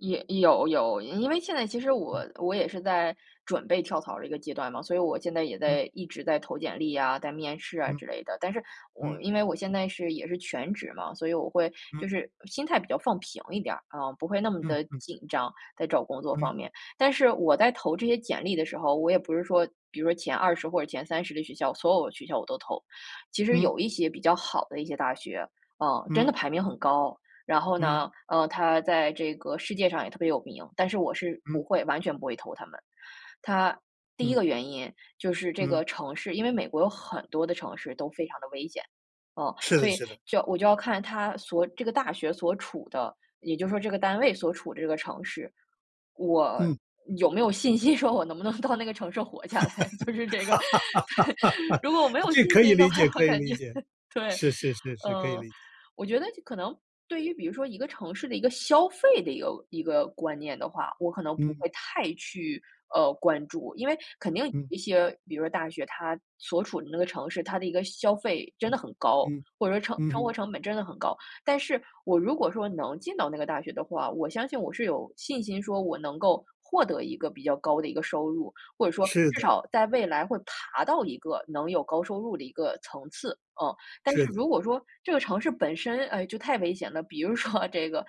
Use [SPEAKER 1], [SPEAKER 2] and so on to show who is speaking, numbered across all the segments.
[SPEAKER 1] 也有有，因为现在其实
[SPEAKER 2] 嗯。
[SPEAKER 1] 我我也是在准备跳槽的一个阶段嘛，所以我现在也
[SPEAKER 2] 嗯。
[SPEAKER 1] 在一直在投简历呀，在面试啊
[SPEAKER 2] 嗯。
[SPEAKER 1] 之类的。但是我
[SPEAKER 2] 嗯。
[SPEAKER 1] 因为我现在是也是全职嘛，所以我会
[SPEAKER 2] 嗯。
[SPEAKER 1] 就是心态比较放平一点啊，不会那么
[SPEAKER 2] 嗯
[SPEAKER 1] 地
[SPEAKER 2] 嗯。
[SPEAKER 1] 紧张，在找工作方
[SPEAKER 2] 嗯。
[SPEAKER 1] 面。但是我在投这些简历的时候，我也不是说比如说前20或者前30的学校，所有的学校我都投，其实
[SPEAKER 2] 嗯。
[SPEAKER 1] 有一些比较好的一些大学，啊，真
[SPEAKER 2] 嗯。
[SPEAKER 1] 的排名很高。然后
[SPEAKER 2] 嗯。
[SPEAKER 1] 呢，呃，它在这个世界上也特别有名，但是我是
[SPEAKER 2] 嗯。
[SPEAKER 1] 不会完全不会投他们。它第一
[SPEAKER 2] 嗯。
[SPEAKER 1] 个原因，就是这个
[SPEAKER 2] 嗯。
[SPEAKER 1] 城市因为美国有很多的城市都非常地危险，啊，
[SPEAKER 2] 是
[SPEAKER 1] 所
[SPEAKER 2] 的
[SPEAKER 1] 以
[SPEAKER 2] 是的。
[SPEAKER 1] 就我就要看它所这个大学所处的也就是说这个单位所处的这个城市，我
[SPEAKER 2] 嗯。
[SPEAKER 1] 有没有信心说我能不能到那个城市活下来，就是这个，对。如果我没有
[SPEAKER 2] 这
[SPEAKER 1] 信
[SPEAKER 2] 可以
[SPEAKER 1] 心的
[SPEAKER 2] 理
[SPEAKER 1] 话，
[SPEAKER 2] 解
[SPEAKER 1] 我
[SPEAKER 2] 可以
[SPEAKER 1] 感
[SPEAKER 2] 理
[SPEAKER 1] 觉
[SPEAKER 2] 解，
[SPEAKER 1] 对，
[SPEAKER 2] 是是是是，可以
[SPEAKER 1] 嗯，
[SPEAKER 2] 理解。
[SPEAKER 1] 我觉得就可能对于比如说一个城市的一个消费的一个一个观念的话，我可能不
[SPEAKER 2] 嗯。
[SPEAKER 1] 会太去，呃，关注。因为肯定
[SPEAKER 2] 嗯。
[SPEAKER 1] 一些比如说大学它所处的那个城市，它的一个消费真
[SPEAKER 2] 嗯，
[SPEAKER 1] 的很高，
[SPEAKER 2] 嗯，
[SPEAKER 1] 或者说成
[SPEAKER 2] 嗯
[SPEAKER 1] 生活
[SPEAKER 2] 哼。
[SPEAKER 1] 成本真的很高。但是我如果说能进到那个大学的话，我相信我是有信心说我能够获得一个比较高的一个收入，或者说
[SPEAKER 2] 是
[SPEAKER 1] 至
[SPEAKER 2] 的。
[SPEAKER 1] 少在未来会爬到一个能有高收入的一个层次，啊。但
[SPEAKER 2] 是
[SPEAKER 1] 是
[SPEAKER 2] 的。
[SPEAKER 1] 如果说这个城市本身，哎，就太危险了，比如说这个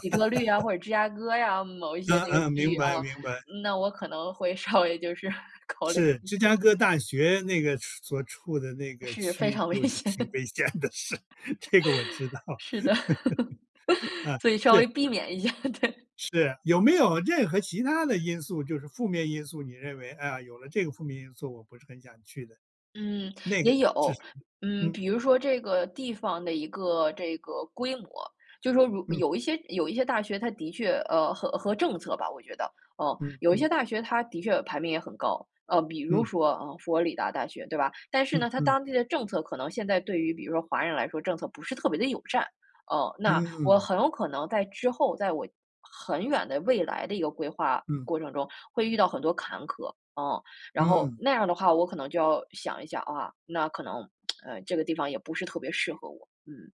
[SPEAKER 1] 底特律啊，或者芝加哥呀，某一些
[SPEAKER 2] 嗯
[SPEAKER 1] 那个
[SPEAKER 2] 嗯，
[SPEAKER 1] 区
[SPEAKER 2] 明
[SPEAKER 1] 域啊，
[SPEAKER 2] 白明白。
[SPEAKER 1] 那我可能会稍微就是 考量
[SPEAKER 2] 是，
[SPEAKER 1] 一
[SPEAKER 2] 芝
[SPEAKER 1] 下。
[SPEAKER 2] 加哥大学那个处所处的那个
[SPEAKER 1] 是，非
[SPEAKER 2] 区
[SPEAKER 1] 常危
[SPEAKER 2] 就是
[SPEAKER 1] 险。
[SPEAKER 2] 挺危险的，是，这个我知道。
[SPEAKER 1] 是的。
[SPEAKER 2] 啊，
[SPEAKER 1] 所以稍
[SPEAKER 2] 是。
[SPEAKER 1] 微避免一下，对。
[SPEAKER 2] 是，有没有任何其他的因素就是负面因素，你认为，“啊，有了这个负面因素我不是很想去的”。
[SPEAKER 1] 嗯，
[SPEAKER 2] 那个
[SPEAKER 1] 也
[SPEAKER 2] 是
[SPEAKER 1] 有，
[SPEAKER 2] 什么？
[SPEAKER 1] 嗯，
[SPEAKER 2] 嗯。
[SPEAKER 1] 比如说这个地方的一个这个规模，就说如
[SPEAKER 2] 嗯。
[SPEAKER 1] 有一些有一些大学，它的确呃，和和政策吧，我觉得，哦。
[SPEAKER 2] 嗯
[SPEAKER 1] 有一些
[SPEAKER 2] 嗯。
[SPEAKER 1] 大学它的确排名也很高，呃，比如
[SPEAKER 2] 嗯。
[SPEAKER 1] 说，啊，佛罗里达大学对吧。但是
[SPEAKER 2] 嗯
[SPEAKER 1] 呢，它
[SPEAKER 2] 嗯。
[SPEAKER 1] 当地的政策可能现在对于比如说华人来说，政策不是特别地友善。哦，那我
[SPEAKER 2] 嗯。
[SPEAKER 1] 很有可能在之后，在我，很远的未来的一个规划
[SPEAKER 2] 嗯。
[SPEAKER 1] 过程中会遇到很多坎坷，啊，然后
[SPEAKER 2] 嗯。
[SPEAKER 1] 那样的话，我可能就要想一想啊，那可能，呃，这个地方也不是特别适合我。嗯。